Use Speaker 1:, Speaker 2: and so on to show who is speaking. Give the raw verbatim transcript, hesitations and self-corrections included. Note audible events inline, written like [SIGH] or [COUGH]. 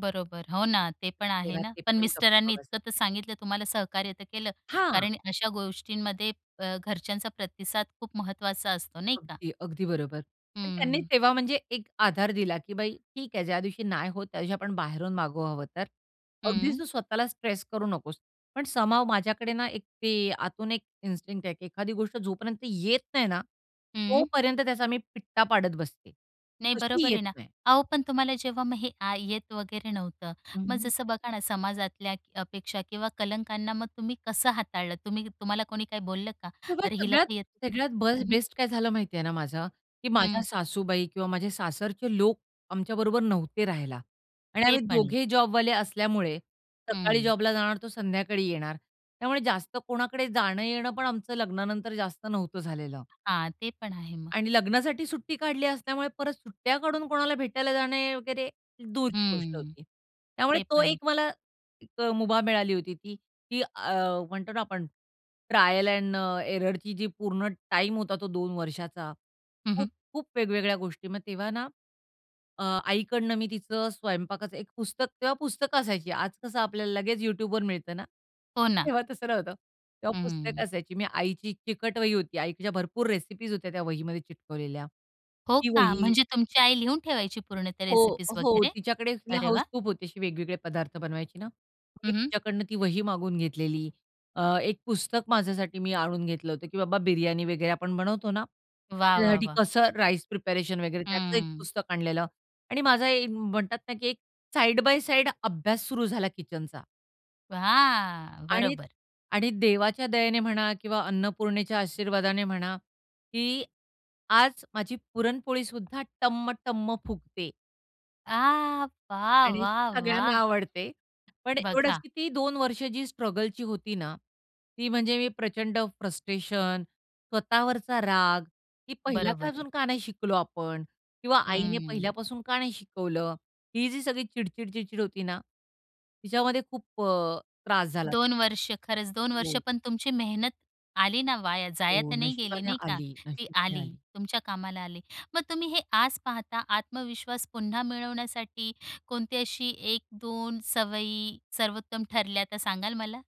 Speaker 1: बरोबर, हो ना. ते पण आहे
Speaker 2: तेव्हा
Speaker 1: ना.
Speaker 2: ते
Speaker 1: पण
Speaker 2: पण गप्प
Speaker 1: मिस्टरांनी
Speaker 2: बसले.
Speaker 1: इतकं तर सांगितलं तुम्हाला सहकार्य तर केलं.
Speaker 2: हां.
Speaker 1: कारण अशा गोष्टींमध्ये अ, घरच्यांचा प्रतिसाद खूप महत्वाचा असतो, नाही का?
Speaker 2: अगदी, अगदी बरोबर. पण त्यांनी
Speaker 1: हम्म.
Speaker 2: तेव्हा म्हणजे एक आधार दिला, की "बाई ठीक आहे, ज्यादिवशी नाही होत, त्या दिवशी आपण बाहेरून मागवू हवं तर. अगदी
Speaker 1: हं.
Speaker 2: तू स्वतःला स्ट्रेस करू नकोस." पण समहाऊ माझ्याकडे ना, एक ते आतून एक इन्स्टिंक्ट आहे, की एखादी गोष्ट जोपर्यंत येत नाही ना,
Speaker 1: हं.
Speaker 2: तोपर्यंत त्याचा मी पिट्टा पाडत बसते.
Speaker 1: नाही,
Speaker 2: कशी
Speaker 1: बरोबर
Speaker 2: येत
Speaker 1: आहे ना.
Speaker 2: नाही?
Speaker 1: अहो, पण तुम्हाला जेव्हा मग हे आ येत वगैरे नव्हतं,
Speaker 2: हं,
Speaker 1: मग
Speaker 2: हं.
Speaker 1: जसं बघा ना, समाजातल्या अपेक्षा किंवा कलंकांना मग तुम्ही कसं हाताळलं? तुम्ही तुम्हाला कोणी काही बोललं का?
Speaker 2: किंवा
Speaker 1: "अरे हिला
Speaker 2: सगळ्यात,
Speaker 1: तर येतच नाही"
Speaker 2: सगळ्यात बस्ट
Speaker 1: हं, हं.
Speaker 2: बेस्ट काय झालं माहिती आहे ना माझं, की माझ्या
Speaker 1: हं.
Speaker 2: सासूबाई किंवा माझे सासरचे लोक, आमच्या बरोबर नव्हते राहायला आणि
Speaker 1: ते
Speaker 2: आम्ही
Speaker 1: पण आहे.
Speaker 2: दोघेही जॉबवाले असल्यामुळे, सकाळी
Speaker 1: हं.
Speaker 2: जॉबला जाणार, तो संध्याकाळी येणार. त्यामुळे जास्त कोणाकडे जाणं-येणं पण आमचं लग्नानंतर जास्त नव्हतं झालेलं.
Speaker 1: हां, ते पण आहे मग.
Speaker 2: आणि लग्नासाठी सुट्टी काढली असल्यामुळे परत सुट्ट्या काढून कोणाला भेटायला जाणे वगैरे, दूरची गोष्ट
Speaker 1: हम्म,
Speaker 2: होती. त्यामुळे
Speaker 1: ते
Speaker 2: तो
Speaker 1: पण आहे.
Speaker 2: एक मला, एक अ, मुभा मिळाली होती ती, की अ, म्हणतो ना आपण, ट्रायल एंड अ, एररची जी पूर्ण टाईम होता तो दोन वर्षाचा,
Speaker 1: हं,
Speaker 2: खूप,
Speaker 1: हं.
Speaker 2: खूप वेगवेगळ्या गोष्टी. मग तेव्हा ना, अ, आईकडनं मी तिचं स्वयंपाकाचं एक पुस्तक तेव्हा पुस्तकं असायची. आज कसं आपल्याला लगेच YouTubeवर मिळत ना?
Speaker 1: हो ना.
Speaker 2: तेव्हा तसं नव्हतं. तेव्हा पुस्तकं
Speaker 1: हं.
Speaker 2: असायची. मी आईची एक चिकट वही होती. आईच्या भरपूर रेसिपीज होत्या त्या वहीमध्ये चिटकवलेल्या.
Speaker 1: हो
Speaker 2: ती
Speaker 1: का?
Speaker 2: वही
Speaker 1: म्हणजे तुमची आई लिहून ठेवायची पूर्ण त्या
Speaker 2: हो,
Speaker 1: रेसिपीज
Speaker 2: हो.
Speaker 1: वगैरे?
Speaker 2: तिच्याकडे तिला
Speaker 1: अरे
Speaker 2: हाउस
Speaker 1: वाह!
Speaker 2: खूप होती अशी वेगवेगळे पदार्थ बनवायची ना. मग मी
Speaker 1: हं, हं.
Speaker 2: तिच्याकडून ती वही मागून घेतलेली. अ, एक पुस्तक माझ्यासाठी मी आणून घेतलं होतं, की बाबा बिर्याणी वगैरे आपण बनवतो ना,
Speaker 1: वाह! वाह!
Speaker 2: त्याच्यासाठी
Speaker 1: वाह!
Speaker 2: कसं राईस प्रिपरेशन वगैरे, त्याचं एक
Speaker 1: हं.
Speaker 2: पुस्तक आणलेलं आणि माझा एक म्हणतात ना, की एक साइड बाय साइड अभ्यास सुरू झाला किचनचा.
Speaker 1: वाह!
Speaker 2: आणि
Speaker 1: बरोबर.
Speaker 2: आणि देवाच्या दयेने म्हणा किंवा अन्नपूर्णेच्या आशीर्वादाने म्हणा, की आज माझी पुरणपोळी सुद्धा टम्म-टम्म फुगते
Speaker 1: आह! वाह,
Speaker 2: आणि
Speaker 1: वाह,
Speaker 2: सगळ्यांना
Speaker 1: वाह!
Speaker 2: आवडते. पण एवढंच,
Speaker 1: बघा!
Speaker 2: की ती दोन वर्ष जी स्ट्रगलची होती ना, ती म्हणजे मी प्रचंड फ्रस्ट्रेशन, स्वतःवरचा राग, की
Speaker 1: बरोबर आहे.
Speaker 2: पहिल्यापासून का नाही शिकलो आपण? किंवा आईने
Speaker 1: हं.
Speaker 2: पहिल्यापासून का नाही शिकवलं? ही जी सगळी चिडचिड-चिडचिड होती ना, तिच्यामध्ये खूप अ, त्रास झाला
Speaker 1: दोन
Speaker 2: [UNINTELLIGIBLE]
Speaker 1: वर्ष खरंच. दोन वर्ष
Speaker 2: हो.
Speaker 1: पण तुमची मेहनत आली ना वाया जाया
Speaker 2: हो,
Speaker 1: तर नाही गेली,
Speaker 2: नशिबाने
Speaker 1: नाही का?
Speaker 2: आली.
Speaker 1: ती
Speaker 2: नशिबाने
Speaker 1: आली,
Speaker 2: आली.
Speaker 1: तुमच्या कामाला आली. मग तुम्ही हे आज पाहता, आत्मविश्वास पुन्हा मिळवण्यासाठी, कोणती अशी एक एक दोन सवयी सर्वोत्तम ठरल्या, त्या सांगाल मला?